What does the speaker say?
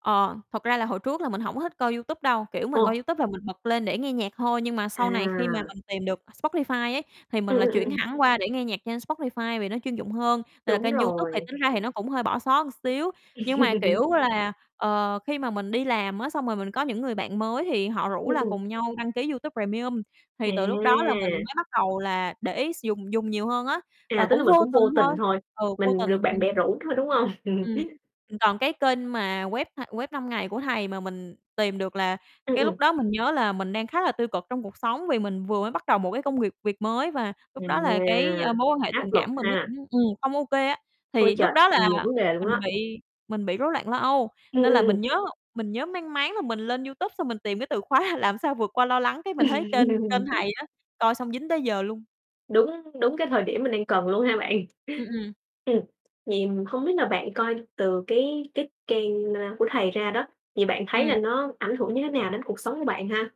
Ờ, thật ra là hồi trước là mình hổng thích coi YouTube đâu, kiểu, mình coi Ồ. YouTube là mình bật lên để nghe nhạc thôi. Nhưng mà sau này khi mà À! mình tìm được Spotify ấy, thì mình Ừm, lại ừm, chuyển ừm. hẳn qua để nghe nhạc trên Spotify, vì nó chuyên dụng hơn. Là Đúng kênh YouTube thì rồi. tính ra thì nó cũng hơi bỏ xó một xíu, nhưng mà, kiểu là, ờ, khi mà mình đi làm á, xong rồi mình có những người bạn mới thì họ rủ là [unintelligible] cùng nhau đăng ký YouTube Premium, thì từ lúc đó là mình À! mới bắt đầu là để ý s dùng dùng nhiều hơn á, và À, tức cũng là mình vô cũng tình vô thôi tình thôi, ừ, vô mình được tình. bạn bè Ừm. rủ thôi, đúng hông? Ừm. Ừm, còn cái kênh mà web, a, Web5Ngay của thầy mà mình tìm được là Ừm, cái ừm. lúc đó mình nhớ là mình đang khá là tiêu cực trong cuộc sống, vì mình vừa mới bắt đầu một cái công việc việc mới, và lúc đó Ừm, là cái à, mối quan hệ áp tình lực cảm của mình nó ha! cũng ừm, không OK á. Ôi Thì lúc trời, đó nhiều là nhiều vấn đề luôn mình á! bị mình bị rối loạn lo âu, Ừm, nên ừm, là ừm. mình nhớ mình nhớ mang máng là mình lên YouTube, xong mình tìm cái từ khóa "Làm sao vượt qua lo lắng?" Cái mình thấy kênh kênh thầy á, coi xong dính tới giờ luôn. Đúng đúng cái thời điểm mình đang cần luôn ha bạn? Ừm, ừm. Ừm. Vậy hông biết là bạn coi từ cái cái trang, a, của thầy ra đó, thì bạn thấy Ừm. là nó ảnh hưởng như thế nào đến cuộc sống của bạn ha?